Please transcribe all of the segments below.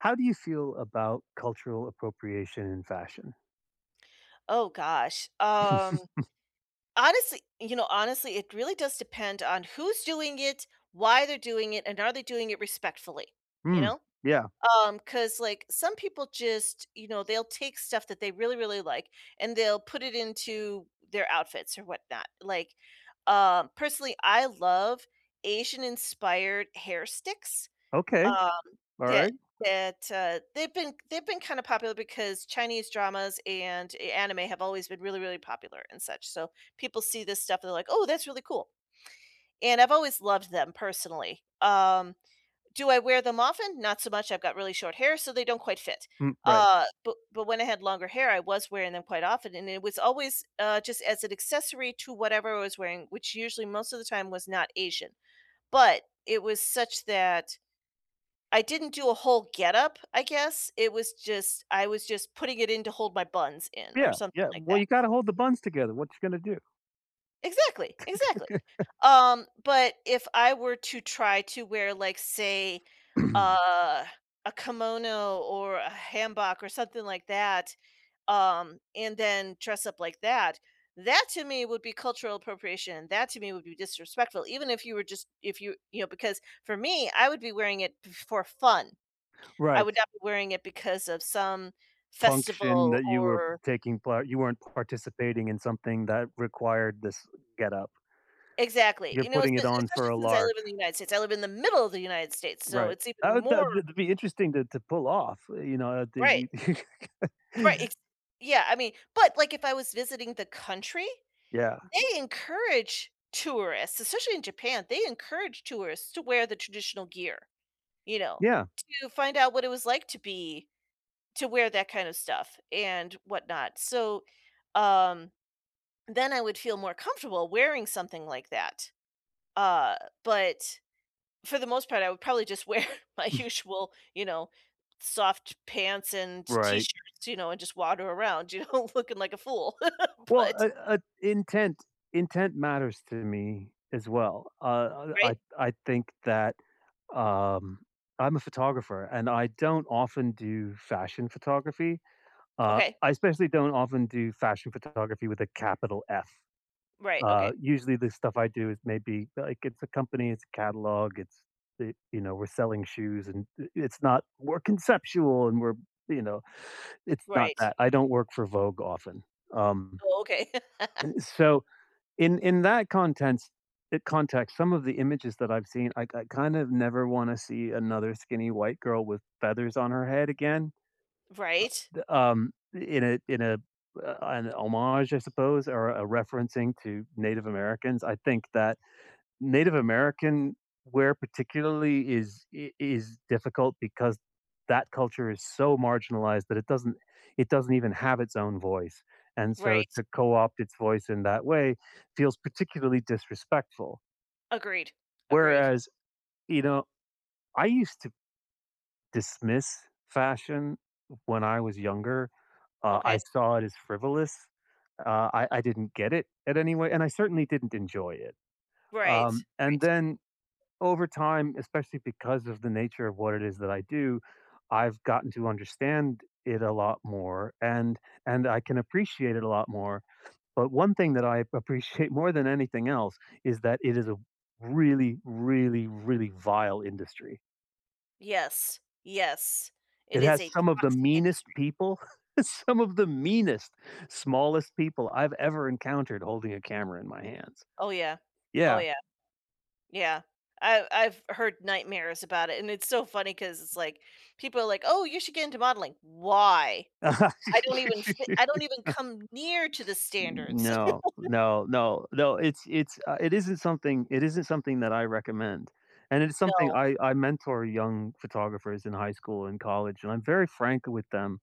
How do you feel about cultural appropriation in fashion? Oh gosh. Um. Honestly, you know, honestly, it really does depend on who's doing it, why they're doing it, and are they doing it respectfully. You Mm. know? Yeah. Um, 'cause, like, some people just, you know, they'll take stuff that they really, really like, and they'll put it into their outfits or whatnot. Like, um, personally, I love Asian-inspired hair sticks, Okay. um, that Alright. that, uh, they've been they've been kinda popular because Chinese dramas and a anime have always been really, really popular and such. So, people see this stuff, they're like, "Oh, that's really cool." And I've always loved them, personally. Um, do I wear them often? Not so much, I've got really short hair, so they don't quite fit. Hmm, right. Uh, but but when I had longer hair, I was wearing them quite often, and it was always, uh, just as an accessory to whatever I was wearing, which usually most of the time was not Asian. But it was such that I didn't do a whole getup, I guess. It was just I was just putting it in to hold my buns in or Yeah. something Yeah. like Well, that. you gotta hold the Yep. buns together, what ya gonna do? Exactly, exactly. Um, but if I were to try to wear, like, say, a a kimono or a hanbok or something like that, um, and then dress up like that, that to me would be cultural appropriation, that to me would be disrespectful even if you were just if you you know, because for me, I would be wearing it f for fun. I Right. would not be wearing it because of some Function festival that you were or taking part, you weren't participating in something that required this getup. Exactly, You're you know, espe putting it on for especially a since I lark. live in the United States, I live in the middle of the United States, so Right. it's even That would more that'd be interesting to to pull off, you know? [unintelligible] Right. Right. It's Yeah, I mean but, like, if I was visiting the country, Yeah. they encourage tourists, especially in Japan, they encourage tourists to wear the traditional gear, you know, Yeah. to find out what it was like to be to wear that kind of stuff and whatnot. So, um, then I would feel more comfortable wearing something like that. Uh, but for the most part, I would probably just wear my usual, you know, soft pants and Right. T-shirts, you know, and just wander around, you know, looking like a fool, Well, but uh uh, intent intent matters to me as well. Uh, uh, I Right. I think that, um I'm a photographer, and I don't often do fashion photography. Uh, Okay. I especially don't often do fashion photography with a capital F. Right, Uh, okay. usually, the stuff I do is maybe, like, it's a company, it's a catalog, it's the you know, we're selling shoes, and i it's not "We're conceptual and we're" you know, it's not Right. that. I don't work for Vogue often. Um, Oh, okay. so in in that contents eh, context, some of the images that I've seen, I I kind of never wanna see another skinny white girl with feathers on her head again, Right. uh, d um, in a in a uh, an homage, I suppose, or a referencing to Native Americans. I think that Native American wear particularly is i is difficult because that culture is so marginalized that it doesn't it doesn't even have its own voice, and so Right. to co-opt its voice in that way feels particularly disrespectful. Agreed. Agreed. Whereas, you know, I used to dismiss fashion when I was younger, uh, I Okay. saw it as frivolous. Uh, I I didn't get it at any way, and I certainly didn't enjoy it. Right. Um, and Right. then over time, especially because of the nature of what it is that I do, I've gotten to understand it a lot more, and and I can appreciate it a lot more. But one thing that I appreciate more than anything else is that it is a really, really, really vile industry. Yes. Yes. It It is has a some of the toxic meanest industry. people, some of the meanest, smallest people I've ever encountered holding a camera in my hands. Oh, yeah. Oh, Yeah. yeah. Yeah. I've I've heard nightmares about it, and it's so funny 'cause it's like, people are like, "Oh, you should get into modeling." Why? I don't even fit I don't even come near to the N n standards. no, no, no, no, it's it's, uh, it isn't something it isn't something that I recommend. And it is something No. I I mentor young photographers in high school and college, and I'm very frank with them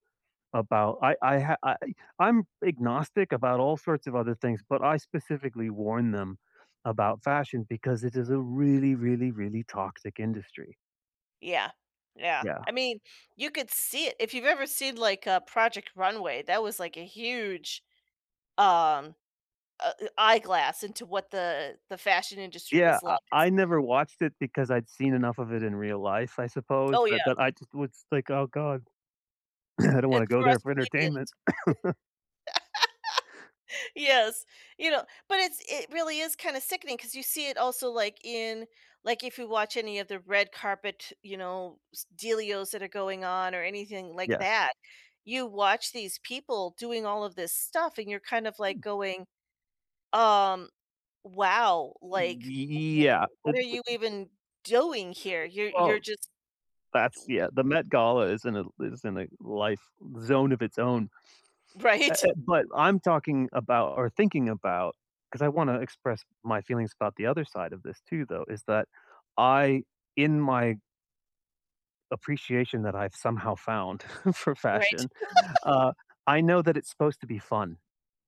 about I I ha I eh I'm agnostic about all sorts of other things, but I specifically warn them about fashion because it is a really, really, really toxic industry. Yeah. Yeah. Yeah. I mean, you could see it. If you've ever seen, like, a Project Runway, that was, like, a huge, um, uh eh eyeglass into what the the fashion industry Yeah. was I like it’s I never watched it because I'd seen enough of it in real life, I suppose. Oh, But yeah. but I just would s like, "Oh god." "I don't wanna It's go for there us for [unintelligible] entertainment." Yes. You know? But it's it really is kinda sickening 'cause you see it also, like, in, like, if you watch any of the red carpet, you know, s dealios that are going on or anything like Yes. that, you watch these people doing all of this stuff, and you're kind of, like, going, "Um, wow! Like, Yeah, [unintelligible] eh what are d you even doing here? You're you're Well, just" that's yeah. The Met Gala is in a is in a life zone of its own. Eh Right? eh, but I'm talking about or thinking about- 'cause I wanna express my feelings about the other side of this too, though- is that I, in my appreciation that I've somehow found for Right. fashion, uh, I know that it's supposed to be fun,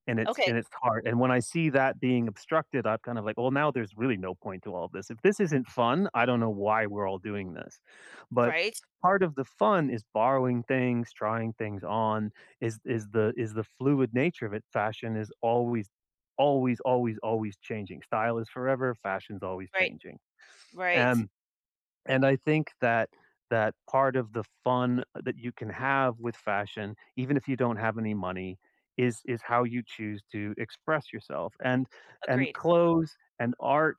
and it's Okay. and it's hard, and when I see that being obstructed, I'm kind of like, "Well, now there's really no point to all this. If this isn't fun, I don't know why we're all doing this." But Right. part of the fun is borrowing things, trying things on, is is the is the fluid nature of it, fashion is always, always, always, always changing. Style is forever, fashion's always Right. changing. Right. And and I think that that part of the fun that you can have with fashion, even if you don't have any money, is is how you choose to express yourself, and and Agreed. clothes and art,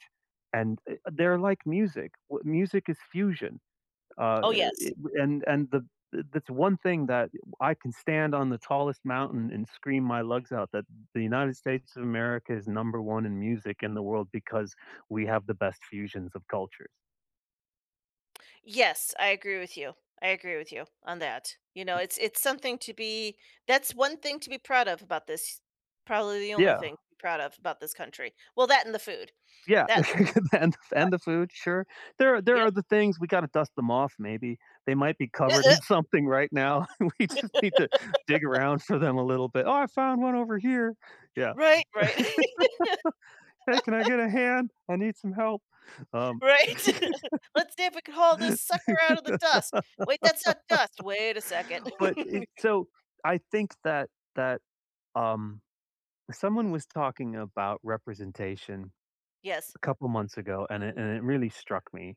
and, eh, they're like music. W music is fusion. Uh, Oh, yes. [unintelligible] and and the eh, that's one thing that I can stand on the tallest mountain and scream my lungs out that the United States Of America is number 1 in music in the world because we have the best fusions of culture. Yes, I agree with you. I agree with you on that. You know, it's it's something to be that's one thing to be proud of about this probably the only Yeah. thing to be proud of about this country. Well, that and the food. Yeah. That, uh, And I and the food, sure. There there Yep. are the things we gotta dust them off maybe. They might be covered in something right now. We just need to dig around for them a little bit, "Oh, I found one over here." Yeah. Right, right. "Hey, can I get a hand? I need some help." Um. Right? "Let's see if we can haul this sucker outta the dust. Wait, that's not dust. Wait a second." But, it, so I think that that, um, someone was talking about representation Yes. a couple months ago, and it and it really struck me.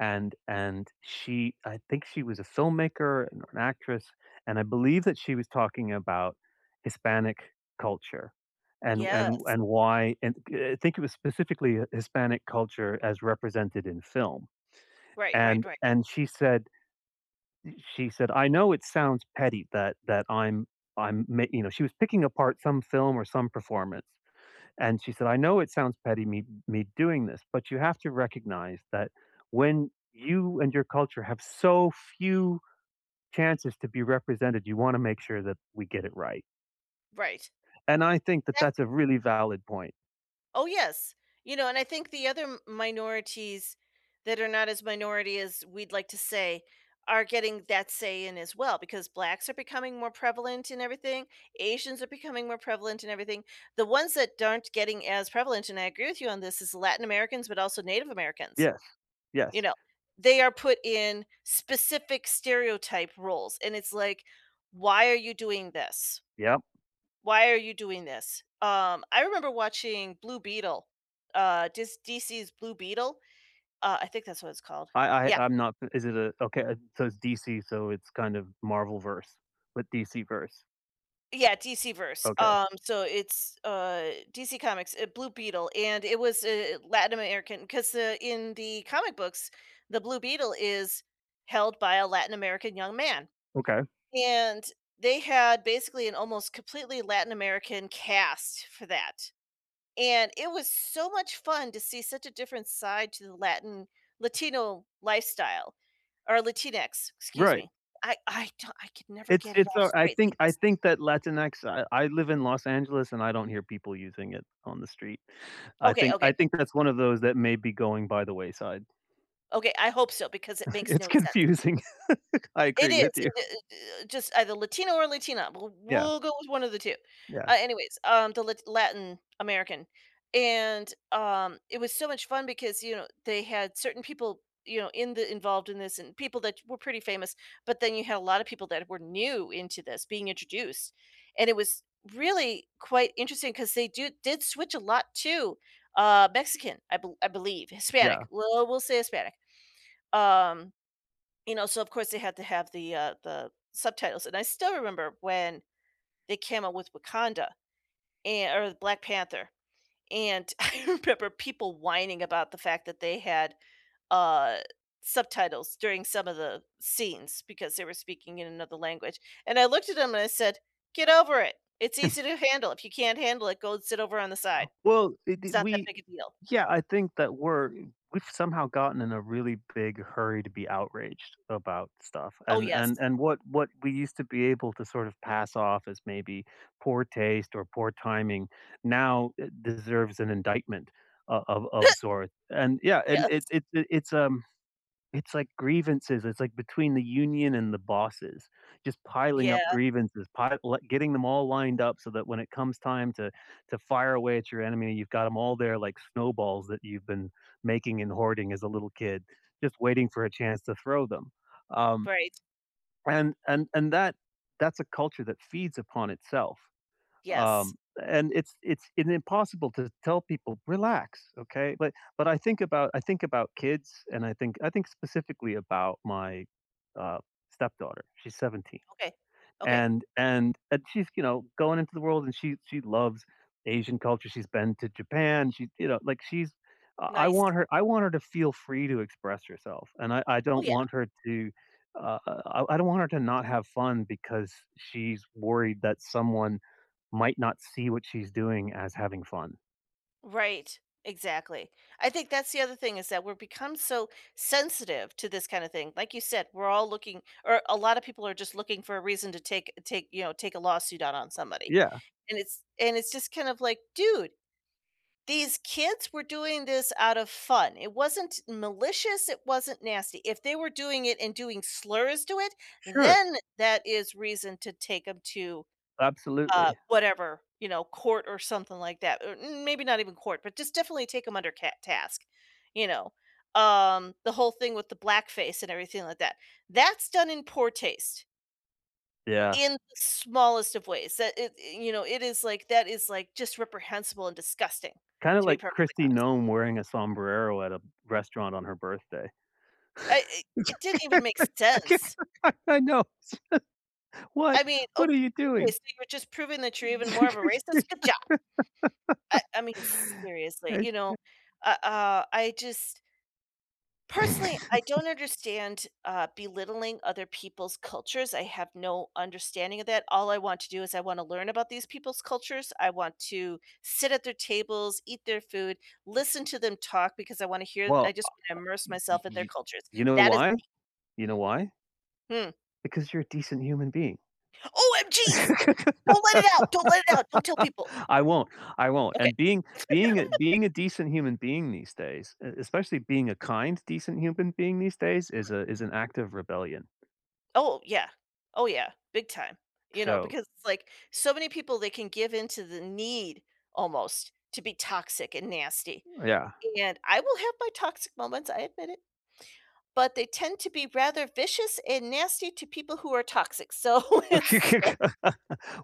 And and she I think she was a filmmaker, an or an actress, and I believe that she was talking about Hispanic culture and and Yes. and why and think, uh I think it was specifically a a Hispanic culture as represented in film. Right, right, And right. and she said y she said, "I know it sounds petty that that I'm I'm ma" you know, she was picking apart some film or some performance. And she said, "I know it sounds petty me me doing this, but you have to recognize that when you and your culture have so few chances to be represented, you wanna make sure that we get it right." Right. And I think that that's Exactly. a really valid point. Oh, yes, you know, and I think the other m minorities that are not as minority as we'd like to say are getting that say in as well because blacks are becoming more prevalent in everything. Asians are becoming more prevalent in everything. The ones that aren't getting as prevalent, and I agree with you on this, is Latin Americans, but also Native Americans. Yes. Yes. You know? They are put in specific stereotype roles, and it's like, why are you doing this? Yep. Why are you doing this? Um, I remember watching Blue Beetle, uh, ds DC's Blue Beetle. Uh, I think that's what it's called. I I Yeah. I'm not is it, uh, okay? So it's DC, so it's kind of Marvel verse but DC verse. Yeah. DC Verse. Okay. Um, so it's, uh, DC Comic's, eh, Blue Beetle, and it was, eh, Latin American. ‘Cause, uh, in the comic books, the Blue Beetle is held by a Latin American young man. Okay. And they had basically an almost completely Latin American cast for that. And it was so much fun to see such a different side to the Latin Latino lifestyle or Latinx. Excuse Right. me. I I do I could never It's get it it's, all uh, I straight think I [unintelligible] think that Latinx I I live in Los Angeles, and I don't hear people using it on the street. I Okay, think okay. I think that's one of those that may be going by the wayside. Okay. I hope so because it makes It's no sense. confusing. I It agree is, with you. i i i just either Latino or Latina. We Yeah. we'll go with 1 of the 2. Yeah. Uh, anyways, um, the Lat Latin American. And, um, it was so much fun because, you know, they had certain people, you know, in the involved in this and people that were pretty famous, but then you had a lot of people that were new into this being introduced. And it was really quite interesting 'cause they do did switch a lot to, uh, Mexican, I be I believe, Hispanic. Yeah. Well, we'll say Hispanic. Um, you know, so, of course, they had to have the, uh, the subtitles. And I still remember when they came out with Wakanda, and or Black Panther. And I remember people whining about the fact that they had, uh, subtitles during some of the scenes because they were speaking in another language. And I looked at them and I said, "Get over it. It's easy to handle. If you can't handle it, go sit over on the side. Well, d It's d not that we big a deal." yeah. I think that we're we've somehow gotten in a really big hurry to be outraged about stuff. Oh, And and yes. and what what we used to be able to sort of pass off as maybe poor taste or poor timing, now eh deserves an indictment of of of sort. And yeah. And it's Yes. it's it's, um, it's like grievances. It's like between the union and the bosses. Just piling Yeah. up grievances, pile le getting them all lined up so that when it comes time to to fire away at your enemy, you've got 'em all there like snowballs that you've been making and hoarding as a little kid, just waiting for a chance to throw them. Um, Great. and and and that that's a culture that feeds upon itself. Yes. Um, and it's it's in impossible to tell people, "Relax. Okay?" But but I think about I think about kids, and I think I think specifically about my, uh, stepdaughter. She's 17. Okay. Okay. And and and she's, you know, going into the world, and she she loves Asian culture. She's been to Japan. She, you know, like, she's I Nice. want her I want her to feel free to express herself, and I I Oh, don't yeah. want her to, uh, I I don't want her to not have fun because she's worried that someone might not see what she's doing as having fun. Right. Exactly. I think that's the other thing is that we're become so sensitive to this kinda thing, like you said, we're all looking or a lotta people are just looking for a reason to take take, you know, take a lawsuit out on somebody. Yeah. And it's and it's just kind of like, "Dude, these kids were doing this out of fun. It wasn't malicious, it wasn't nasty." If they were doing it and doing slurs to it, Sure. then that is reason to take 'em to, uh, Absolutely. whatever, you know, court or something like that, or, um, or maybe not even court, but just definitely take them under cat task. You know? Um, the whole thing with the blackface and everything like that. That's done in poor taste Yeah. in the smallest of ways that it, uh, you know, it is, like, that is, like, just reprehensible and disgusting, Kinda to be like perfectly Kristi honest. Noem wearing a sombrero at a restaurant on her birthday. I it it didn't I even make ca sense. I know, s What I mean, what ok are you okay, doing? so you're just proving that you're even more of a racist, good job. I I mean, seriously, I you know? ta Uh, uh, I just personally, I don't understand, uh, belittling other people's cultures, I have no understanding of that. All I want to do is I wanna learn about these people's cultures, I want to sit at their tables, eat their food, listen to them talk because I wanna hear I Well, ah just wanna immerse uh, you myself at you their you cultures. you know That is why? the You know why? Hmm. Because you're a decent human being. O-M-Gs. Don't let it out! Don't let it out! Don't tell people. I won't. I won't. Okay. And being being a being a decent human being these days, e especially being a kind decent human being these days is Right. a is an act of rebellion. Oh, yeah. Oh, yeah. Big time. You know, So because it's like, so many people, they can give in to the need almost to be toxic and nasty. Yeah. And I will have my toxic moments, I admit it. But they tend to be rather vicious and nasty to people who are toxic. So, it's so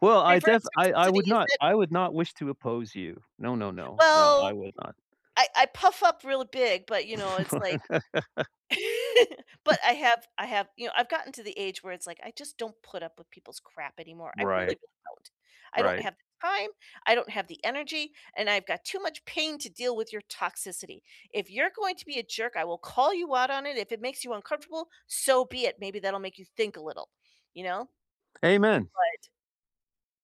Well, I def Reverse I I toxicity, would is not it? I would not wish to oppose you. No, no, no. No, I Well, would not. I I puff up real big, but, you know, it's like but I have I have, you know, I've gotten to the age where it's like, I just don't put up with people's crap anymore, I really, Right. really, don't. I don't Right. have the time, I don't have the energy, and I've got too much pain to deal with your toxicity. If you're going to be a jerk, I will call you out on it, if it makes you uncomfortable, so be it, maybe that'll make you think a little, you know. Amen. But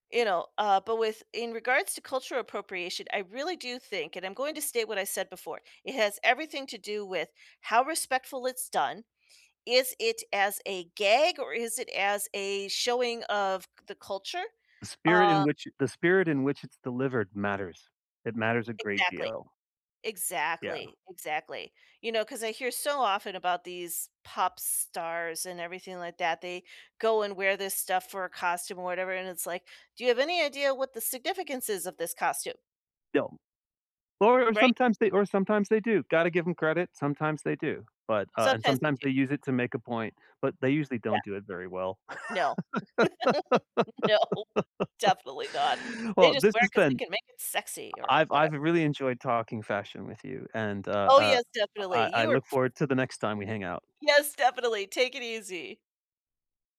you know, uh, but with in regards to cultural appropriation, I really do think, and I'm going to state what I said before, it has everything to do with how respectful it's done. Is it as a gag, or is it as a showing of the culture, The spirit uh in which i the spirit in which it's delivered matters. It matters a great Exactly. deal. Yeah. Exactly, exactly. You know, 'cause I hear so often about these pop stars and everything like that, they go and wear this stuff for a costume or whatever, and it's like, "Do you have any idea what the significance is of this costume?" Don't. Or or Right? sometimes they or sometimes they do. Gotta give 'em credit, sometimes they do. But, uh, and Sometimes they sometimes do. they use it to make a point, but they usually Yeah. don't do it very well. No. No. Definitely not. They Well, just this wear it has 'cause they been can make it sexy or I've whatev I've really enjoyed talking fashion with you, and, uh, Oh, uh, yes, I definitely. I You are look f forward to the next time we hang out. Yes, definitely, take it easy.